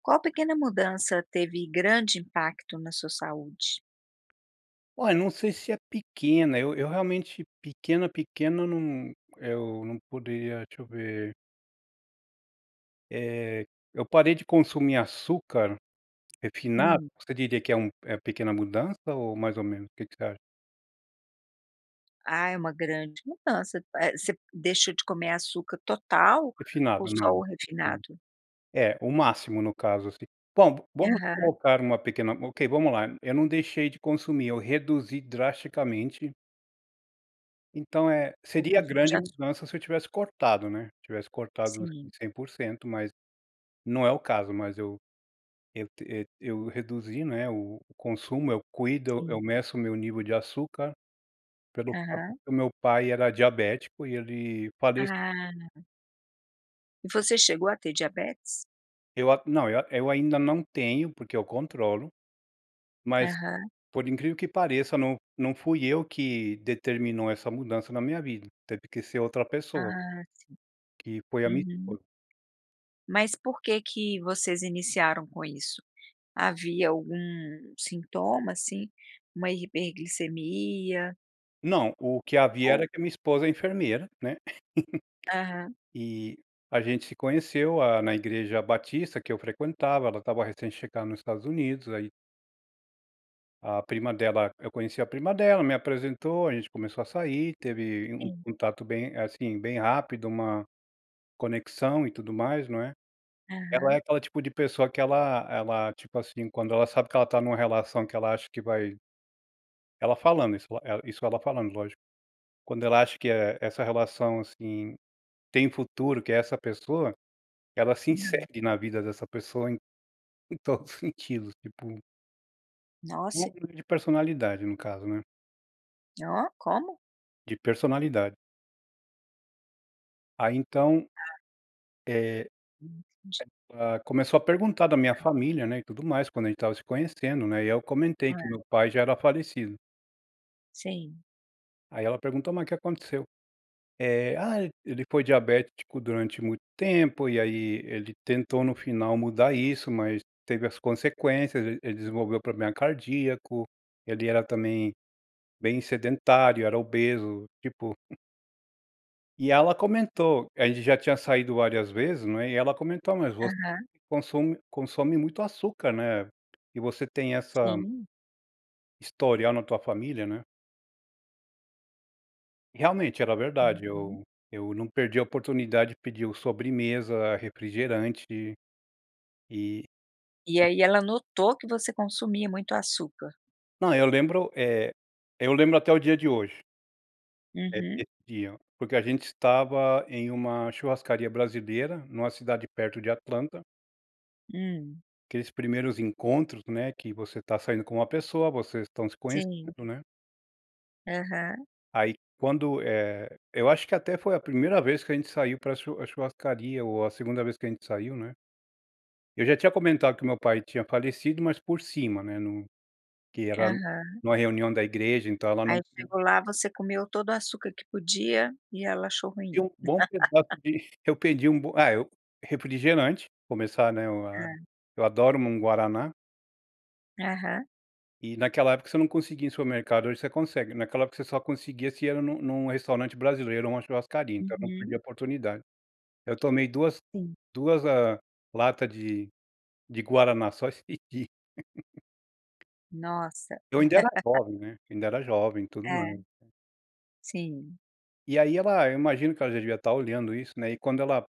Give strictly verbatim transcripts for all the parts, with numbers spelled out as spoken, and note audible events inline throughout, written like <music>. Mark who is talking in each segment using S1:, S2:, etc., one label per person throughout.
S1: Qual pequena mudança teve grande impacto na sua saúde?
S2: Olha, eu não sei se é pequena, eu eu realmente pequena, pequena, não Eu não poderia Deixa eu ver. Eh, eu parei de consumir açúcar refinado.
S1: Hum.
S2: Você diria que é um é pequena mudança ou mais ou menos? O que que você acha?
S1: Ah, é uma grande mudança, p eh, você deixou de comer açúcar total ou
S2: Refinado, não.
S1: só o
S2: <unintelligible>
S1: refinado?
S2: É, o máximo, no caso, assim. Bom, vamos
S1: Aham.
S2: colocar uma pequena Ok, vamos lá. Eu não deixei de consumir, eu reduzi drasticamente. Então, eh,
S1: O
S2: seria
S1: consumo
S2: grande
S1: de açúcar.
S2: mudança se eu tivesse cortado, né, se tivesse cortado, assim,
S1: Sim.
S2: cem por cento, mas não é o caso. Mas eu eu te eh, eu reduzi, né, o o consumo, eu cuido, eu eu
S1: Sim.
S2: meço o meu nível de açúcar pelo fato
S1: Aham.
S2: que o meu pai era diabético e ele falec
S1: Ah. E você chegou a ter diabetes?
S2: Eu a Não, eu eu ainda não tenho porque eu controlo. Mas,
S1: Aham.
S2: por incrível que pareça, não não fui eu que determinou essa mudança na minha vida, teve que ser outra pessoa.
S1: Ah, sim.
S2: Que foi a minha
S1: Uhum.
S2: esposa.
S1: Mas por que que vocês iniciaram com isso? Havia algum sintoma, assim, uma hiperglicemia?
S2: Não, o que havia
S1: Ou.
S2: era que a minha esposa é enfermeira, né,
S1: Aham.
S2: <chuckles> e a gente se conheceu, ah, na Igreja Batista, que eu frequentava, ela estava recém-chegando nos Estados Unidos, ai A prima dela eu conheci a prima dela, me apresentou, a gente começou a sair, teve um
S1: Sim.
S2: contato bem, assim, bem rápido, uma conexão e tudo mais, não é, ela é
S1: Aham.
S2: aquele tipo de pessoa que ela ela, tipo assim, quando ela sabe que ela está numa relação, que ela acha que vai Ela falando, isso, eh, isso ela falando, lógico, quando ela acha, que é, essa relação, assim, tem futuro, que é essa pessoa, ela se
S1: Uhum.
S2: insere na vida dessa pessoa em em todos os sentidos, tipo No
S1: Nossa!
S2: nivel de personalidade no caso, né.
S1: Oh, como?
S2: De personalidade. Ai, então
S1: Ah.
S2: eh, é,
S1: Entendi.
S2: ah, começou a perguntar da minha família, né, e tudo mais, quando a gente estava se conhecendo, né, e eu comentei que o
S1: Eh.
S2: meu pai já era falecido.
S1: Sim.
S2: Aí ela perguntou: "Mas o que aconteceu?". Eh, "Ah, ele foi diabético durante muito tempo. E aí ele tentou no final mudar isso, mas teve as consequências. E ele desenvolveu o problema cardíaco. Ele era também bem sedentário, era obeso, tipo" <chuckles> e ela comentou, a gente já tinha saído várias vezes, não é, e ela comentou: "Mas você
S1: Aham.
S2: consume consome muito açúcar, né? E você tem essa"
S1: Sim.
S2: historia na tua família, né. E realmente era verdade.
S1: Uhum.
S2: Eu eu não perdia a oportunidade de pedir o sobremesa, refrigerante. Eh
S1: E aí ela notou que você consumia muito açúcar?
S2: Não, eu lembro, eh, eu lembro até o dia de hoje é
S1: Uhum.
S2: <unintelligible> dia, porque a gente estava em uma churrascaria brasileira, numa cidade perto de Atlanta
S1: Hum.
S2: aqueles primeiros encontros, né, que você tá saindo com uma pessoa, vocês estão se
S1: Sim.
S2: conhecendo, né?
S1: Aham.
S2: Aí, quando, eh, eu acho que até foi a primeira vez que a gente saiu pra chu a churrascaria, ou a segunda vez que a gente saiu, né. Eu já tinha comentado que o meu pai tinha falecido, mas por cima, né, num que era
S1: Aham.
S2: numa reunião da igreja, então ela
S1: Aí
S2: não <unintelligible>
S1: chegou lá, você comeu todo o açúcar que podia, e ela achou
S2: Pedi
S1: ruim.
S2: um bom pedaço
S1: <laughs>
S2: de eu que pedi um bom ah, eu refrigerante, começar, né, eu a
S1: Hã.
S2: eu adoro n um guaraná.
S1: Aham.
S2: E, naquela época, você não conseguia em supermercado, hoje você consegue. Naquela época você só conseguia se era num num restaurante brasileiro, ou uma churrascaria, então eu não
S1: Uhum.
S2: perdia a oportunidade. Eu tomei duas
S1: Sim.
S2: duas ah, lata de de guaraná, só esse dia. <chuckles>
S1: Nossa.
S2: Eu ainda era
S1: <laughs>
S2: jovem, né. Ainda era jovem, e tudo
S1: É.
S2: mais.
S1: Sim.
S2: E aí ela, eu imagino que ela já devia estar olhando isso, né, e quando ela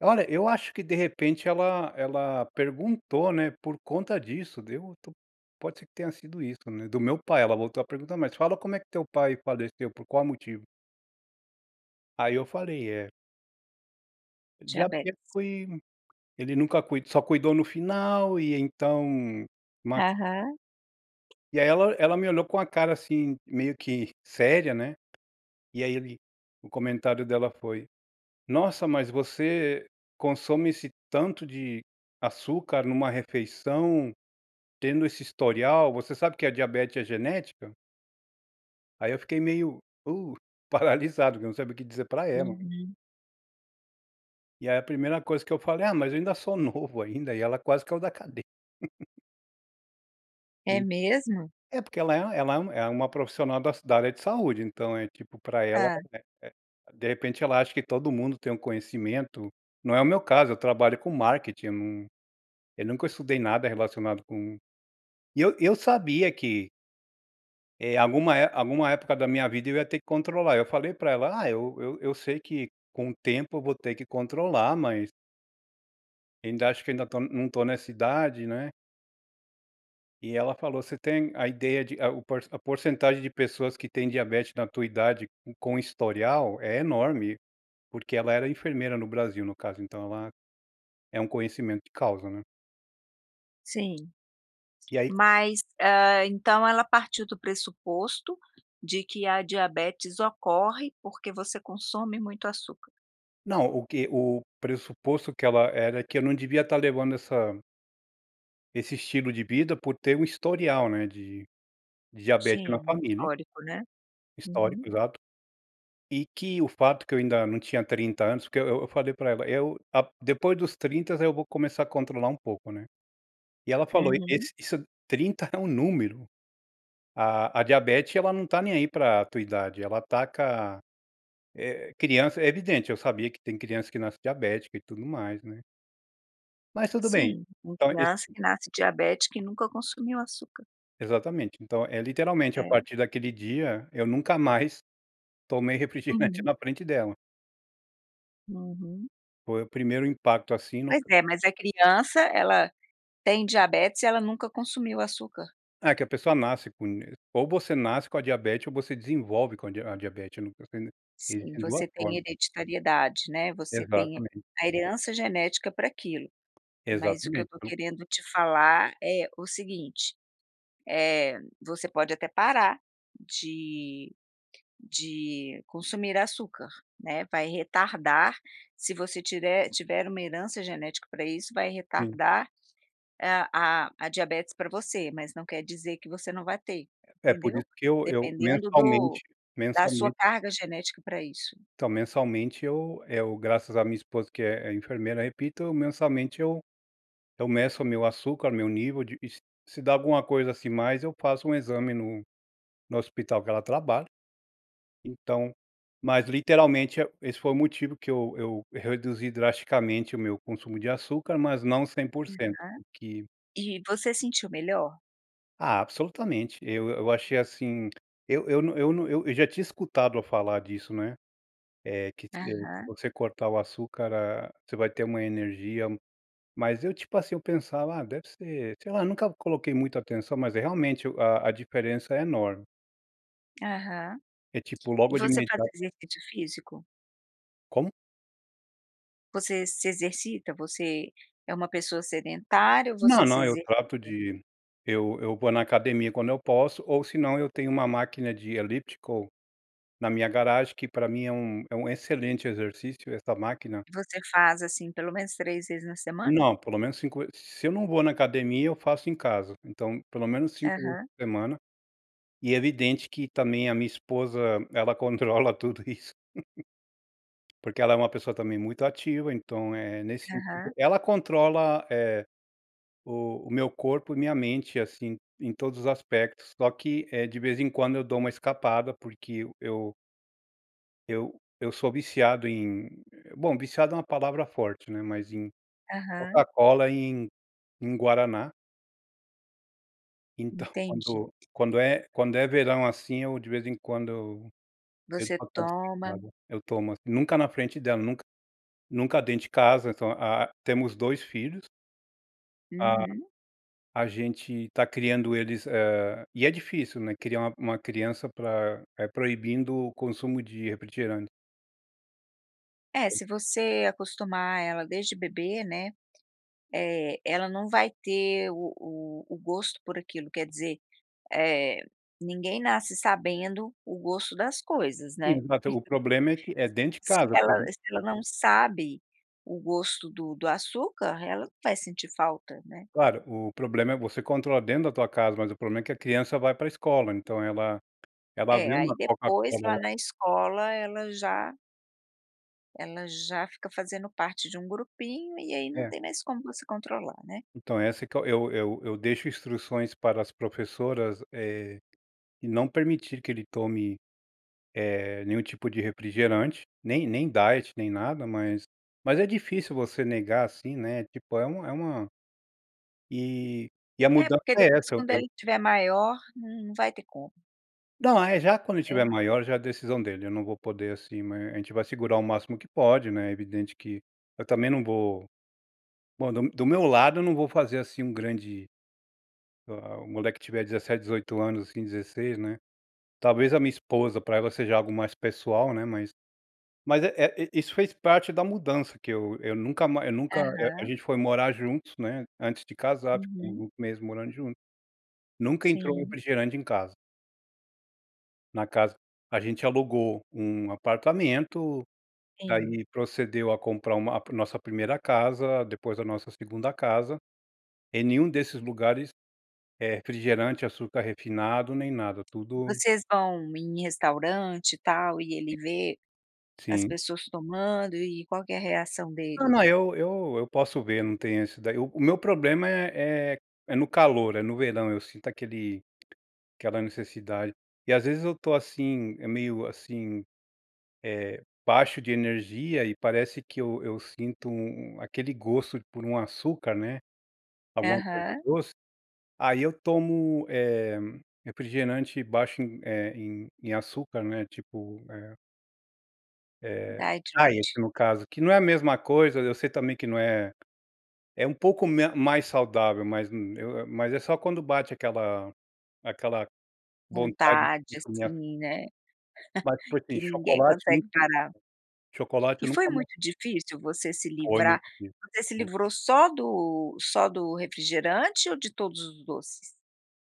S2: Olha, eu acho que, de repente, ela ela perguntou, né, por conta disso, deu tô pode ser que tenha sido isso, né, do meu pai, ela voltou a perguntar: "Mas fala como é que teu pai faleceu? Por qual motivo?". Aí eu falei, é
S1: Diabetes.
S2: diabético, e ele nunca cui só cuidou no final e então, ma
S1: Aham.
S2: e aí ela ela me olhou com uma cara assim, meio que séria, né. E aí ele o comentário dela foi: "Nossa, mas você consome esse tanto de açúcar numa refeição, tendo esse historial, você sabe que a diabete é genética?". Aí eu fiquei meio, uh, paralisado, não sabia o que dizer para ela.
S1: Uhum.
S2: E a primeira coisa que eu falei. Ah, mas eu ainda sou novo ainda, e ela quase que é o da cadei <laughs>
S1: É
S2: e,
S1: mesmo?
S2: é porque ela é ela é um é uma profissional da da área de saúde, então é tipo pra ela,
S1: Hã.
S2: eh eh de repente, ela acha que todo mundo tem um conhecimento Não é o meu caso, eu trabalho com marketing, eu não, eu nunca estudei nada relacionado com E eu eu sabia que eh, alguma é alguma época da minha vida eu ia ter que controlar. Eu falei para ela. Ah, eu eu eu sei que com o tempo eu vou ter que controlar, mas Ainda acho, que ainda tô não tô nessa idade, né. E ela falou: "Você tem a ideia de a o por a porcentagem de pessoas que têm diabetes na tua idade, com historial, é enorme". Porque ela era enfermeira no Brasil, no caso, então ela é um conhecimento de causa, né.
S1: Sim,
S2: E aí
S1: mas, hã, então ela partiu do pressuposto, de que a diabetes ocorre, porque você consome muito açúcar?
S2: Não, o que o pressuposto que ela era que eu não devia estar levando essa esse estilo de vida, por ter um histórico, né, de, de diabete
S1: Sim,
S2: na
S1: no
S2: família
S1: histórico, né, uhum.
S2: Histórico exato, e que o fato que eu ainda não tinha trinta anos, porque eu eu eu falei pra ela, "Eu a depois dos trinta, eu vou começar a controlar um pouco, né". E ela falou:
S1: Uhum.
S2: "Esse isso trinta é um número, a a diabete, ela não tá nem aí pra a tua idade, ela ataca, eh, criança", é evidente, eu sabia que tem crianças, que nasce diabética e tudo mais, né. Mas tudo bem,
S1: Sim, uma
S2: então esse
S1: criança que nasce diabética e nunca consumiu açúcar.
S2: Exatamente, então, eh, literalmente, a
S1: É.
S2: partir daquele dia, eu nunca mais tomei refrigerante
S1: Uhum.
S2: na frente dela.
S1: Uhum.
S2: Foi o primeiro impacto, assim, no
S1: Pois
S2: c
S1: é, mas a criança, ela tem diabetes, e ela nunca consumiu açúcar.
S2: Ah, que a pessoa nasce com e ou você nasce com a diabete, ou você desenvolve com a di a diabete <unintelligible> e
S1: Sim,
S2: tem duas
S1: você tem
S2: formas.
S1: hereditariedade, né, você tem
S2: Exatamente.
S1: a herança genética para aquilo, mas o que eu
S2: Exatamente,
S1: estou
S2: então
S1: querendo te falar é o seguinte, eh, você pode até parar de de consumir açúcar, né, vai retardar, se você tirer tiver uma herança genética para isso, vai
S2: Sim.
S1: retardar, ah, a a diabetes para você, mas não quer dizer que você não vai ter,
S2: É, por isso
S1: entendeu.
S2: que eu eu
S1: Dependendo do
S2: mensalmente
S1: da sua
S2: mensalmente
S1: carga genética para isso.
S2: então, mensalmente eu eu, graças à minha esposa, que é é enfermeira, repito mensalmente eu eu meço meu açúcar, meu nível de e s se dá alguma coisa assim, mais, eu faço um exame no no hospital que ela trabalha. Então mas literalmente é o esse foi o motivo que eu eu reduzi drasticamente o meu consumo de açúcar, mas não cem por cento,
S1: Uhum.
S2: o que
S1: E você se sentiu melhor?
S2: Ah, absolutamente. Eu eu achei assim eu eu não eu não, eu já tinha escutado a falar disso, não é? É que ti eh, que
S1: Aham.
S2: você cortar o açúcar, ah, você vai ter uma energia, mas eu, tipo assim, eu pensava: "Ah, deve ser", sei lá, nunca coloquei muita atenção, mas é realmente a a diferença é enorme.
S1: Aham.
S2: É tipo,
S1: E
S2: logo de
S1: você faz
S2: imediato
S1: exercício físico?
S2: Como?
S1: Você se exercita? Você é uma pessoa sedentária ou
S2: Não,
S1: você se
S2: não, eu
S1: exercita?
S2: trato de eu eu vou na academia quando eu posso, ou se não, eu tenho uma máquina de elíptico, na minha garagem, que pra mim é um é um excelente exercício, essa máquina.
S1: Você faz assim, pelo menos três vezes na semana?
S2: Não, pelo menos cinco ve Se eu não vou na academia, eu faço em casa, então, pelo menos cinco vezes
S1: Aham.
S2: por semana. E é evidente, que também, a minha esposa, ela controla tudo isso. <chuckles> Porque ela é uma pessoa também muito ativa, então, eh, nesse sentido,
S1: Aham.
S2: ela controla, eh, o o meu corpo e minha mente, assim, em todos os aspectos. Só que é de vez em quando eu dou uma escapada, porque eu eu Eu, eu sou viciado em bom viciado é uma palavra forte, né, mas em
S1: Aham.
S2: Coca-Cola, em, em Guaraná. Então,
S1: Entendi.
S2: quando, quando é quando é verão, assim, eu, de vez em quando eu,
S1: Você toma
S2: <unintelligible> eu tomo assim, nunca na frente dela, nunca nunca dentro de casa, então ah temos dois filhos. Ah,
S1: Uhum.
S2: a gente tá criando eles, eh, e é difícil, né, criar uma uma criança pra é proibindo o consumo de refrigerante.
S1: É se você acostumar ela desde bebê, né, eh, ela não vai ter o o o gosto por aquilo, quer dizer, eh, ninguém nasce sabendo o gosto das coisas, né?
S2: Sim, mas o problema é que,
S1: <chuckles>
S2: é dentro de
S1: Se
S2: casa
S1: ela
S2: <unintelligible>
S1: se ela não sabe o gosto do do açúcar, ela não vai sentir falta, né?
S2: Claro, o problema é você controla dentro da tua casa, mas o problema é que a criança vai para a escola, então ela, ela
S1: É
S2: vê
S1: aí
S2: uma
S1: depois, lá
S2: Coca-Cola
S1: na escola, ela já Ela já fica fazendo parte de um grupinho, e aí não
S2: É.
S1: tem mais como você controlar, né.
S2: Então, essa é que eu eu eu deixo instruções para as professoras, eh, e não permitir que ele tome, eh, nenhum tipo de refrigerante, nem nem diet, nem nada, mas mas é difícil você negar, assim, né, tipo é uma é uma E e a
S1: É,
S2: mudança
S1: porque
S2: é
S1: depois,
S2: essa, eu
S1: quando
S2: eu
S1: ele tiver maior, n não vai ter como.
S2: Não, ah é, já quando ele tiver
S1: É.
S2: maior, já é a decisão dele, eu não vou poder, assim mas a gente vai segurar o máximo que pode, né, é evidente que eu também não vou bom do do meu lado, eu não vou fazer, assim, um grande ah ah, o moleque tiver dezessete, dezoito anos, assim, dezesseis, né. Talvez a minha esposa, pra ela seja algo mais pessoal, né, mas mas, eh eh, i isso fez parte da mudança, que eu eu nunca ma eu nunca, eh, a
S1: Aham.
S2: gente foi morar juntos, né, antes de casar, ficamos
S1: Uhum.
S2: uns meses morando juntos. Nunca entrou
S1: Sim.
S2: refrigerante em casa. Na casa a gente alugou um apartamento,
S1: Sim.
S2: daí procedeu a comprar uma ah, nossa primeira casa, depois a nossa segunda casa. Em nenhum desses lugares, eh, refrigerante, açúcar refinado, nem nada, tudo
S1: Vocês vão em restaurante, e tal, e ele vê as
S2: Sim.
S1: pessoas tomando, e qual que é a reação
S2: Não,
S1: dele?
S2: não, eu eu eu posso ver, não tem esse daí. O o meu problema é é é no calor, é no verão, eu sinto aquele aquela necessidade. E às vezes eu tô assim, eh, meio assim, eh, baixo de energia, e parece que eu eu sinto u um aquele gosto por um açúcar, né, alguma coisa
S1: Aham.
S2: doce, aí eu tomo, eh, refrigerante baixo em, eh, em em açúcar, né, tipo, eh Eh,
S1: Diet,
S2: diet,
S1: light.
S2: no caso, que não é a mesma coisa, e eu sei também que não é é um pouco me mais saudável, mas, hum, eu eu mas é só quando bate aquela aquela vontade
S1: Vontade,
S2: de comer a
S1: assim, né.
S2: Mas,
S1: <chuckles>
S2: por sim,
S1: Que ninguém
S2: chocolate,
S1: consegue
S2: nunca
S1: parar.
S2: chocolate
S1: E
S2: eu
S1: foi
S2: nunca mais
S1: muito difícil você se
S2: Foi muito
S1: livrar
S2: difícil,
S1: você se
S2: muito.
S1: livrou só do só do refrigerante, ou de todos os doces?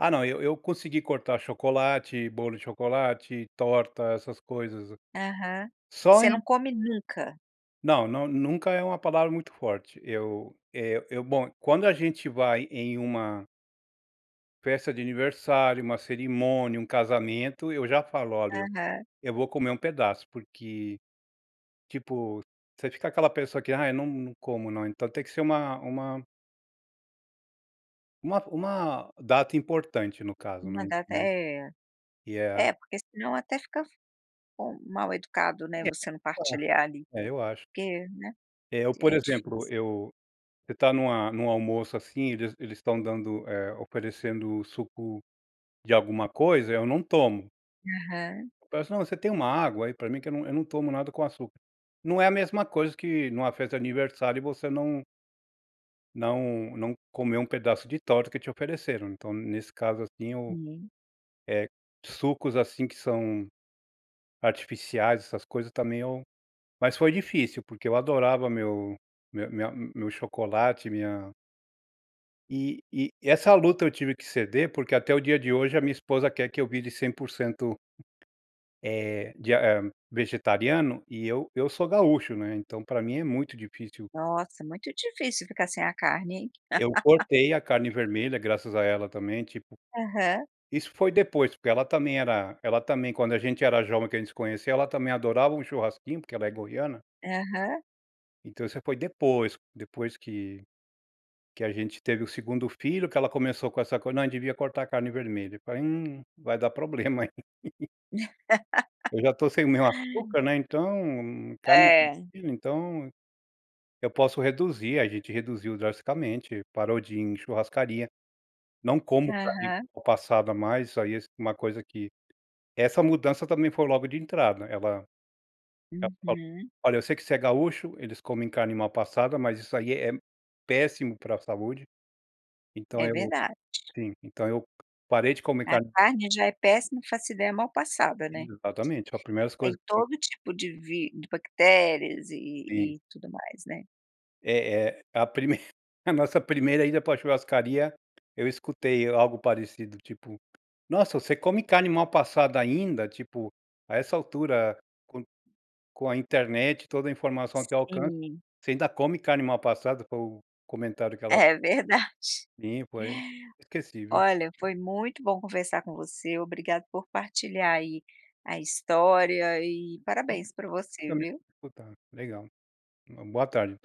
S2: Ah não, eu eu consegui cortar chocolate, bolo de chocolate, torta, essas coisas.
S1: Aham.
S2: Só
S1: Você não
S2: em
S1: come nunca?
S2: Não não, nunca é uma palavra muito forte. Eu, eh, eu bom, quando a gente vai em uma festa de aniversário, uma cerimônia, um casamento, eu já falo: "Olha, eu
S1: Aham.
S2: eu vou comer um pedaço, porque", tipo, você fica aquela pessoa que "Ah, eu não não como não". Então tem que ser uma uma uma uma data importante, no caso,
S1: Uma
S2: né
S1: data
S2: <unintelligible>
S1: é.
S2: E é
S1: É, porque senão até fica fe <unintelligible> mal-educado,
S2: É
S1: né, você não
S2: <unintelligible>
S1: partilhar, ali.
S2: é, eu acho.
S1: Porque, né,
S2: É, eu,
S1: t
S2: por
S1: é difícil.
S2: exemplo, eu você tá numa num almoço, assim, eles eles estão dando, eh, oferecendo suco de alguma coisa, eu não tomo.
S1: Aham.
S2: Parece não, você tem uma água aí pra mim, que eu não eu não tomo nada com açúcar, não é a mesma coisa que numa festa de aniversário e você não não, não comer um pedaço de torta que te ofereceram, então, nesse caso, assim eu,
S1: Sim.
S2: eh, sucos, assim, que são artificiais, essas coisas também eu mas foi difícil porque eu adorava meu meu minha meu chocolate, minha E e essa luta eu tive que ceder, porque até o dia de hoje, a minha esposa quer que eu vire cem por cento, eh, de ham, vegetariano e eu, eu sou gaúcho, né, então, para mim é muito difícil.
S1: Nossa, muito difícil ficar sem a carne, hein.
S2: Eu cortei a carne
S1: <laughs>
S2: vermelha, graças a ela também tipo,
S1: Aham.
S2: isso foi depois, porque ela também era ela também, quando a gente era jovem que a gente conheceu, ela também adorava um churrasquinho, porque ela é goiana.
S1: Aham.
S2: Então isso foi depois, depois que que a gente teve o segundo filho que ela começou com essa coisa, não devia cortar a carne vermelha, eu falei: 'Hum, vai dar problema". <chuckles> Eu já estou sem o meu
S1: <laughs>
S2: açúcar, né, então, carne
S1: É.
S2: vermelha, então, eu posso reduzir, a gente reduziu drasticamente, parou de ir em churrascaria, não como carne
S1: Aham.
S2: mal passada mais, isso aí é uma coisa que essa mudança também foi logo de entrada, ela ela falou:
S1: Uhum.
S2: "Olha, eu sei que você é gaúcho, eles comem carne mal passada, mas isso aí é é péssimo para a saúde", então,
S1: É
S2: eu
S1: verdade.
S2: sim, então, eu parei de comer
S1: A
S2: carne
S1: carne já é péssima, não faço ideia mal passada, né?
S2: Exatamente a primeiras coisas
S1: Tem
S2: que
S1: todo tipo de vi de bactérias e
S2: Sim.
S1: e e tudo mais, né?
S2: É é a primeira a nossa primeira ida para a churrascaria, eu escutei algo parecido, tipo: "Nossa, você come carne mal passada ainda" tipo "A essa altura, com com a internet, toda a informação ao teu alcance,
S1: Sim.
S2: você ainda come carne mal passada", foi o comentário que ela
S1: É verdade.
S2: <unintelligible> Inesquecível.
S1: Olha, foi muito bom conversar com você, obrigado por partilhar aí a história e
S2: Obrigado,
S1: parabéns para você,
S2: por me
S1: viu.
S2: escutar, legal, uma boa tarde.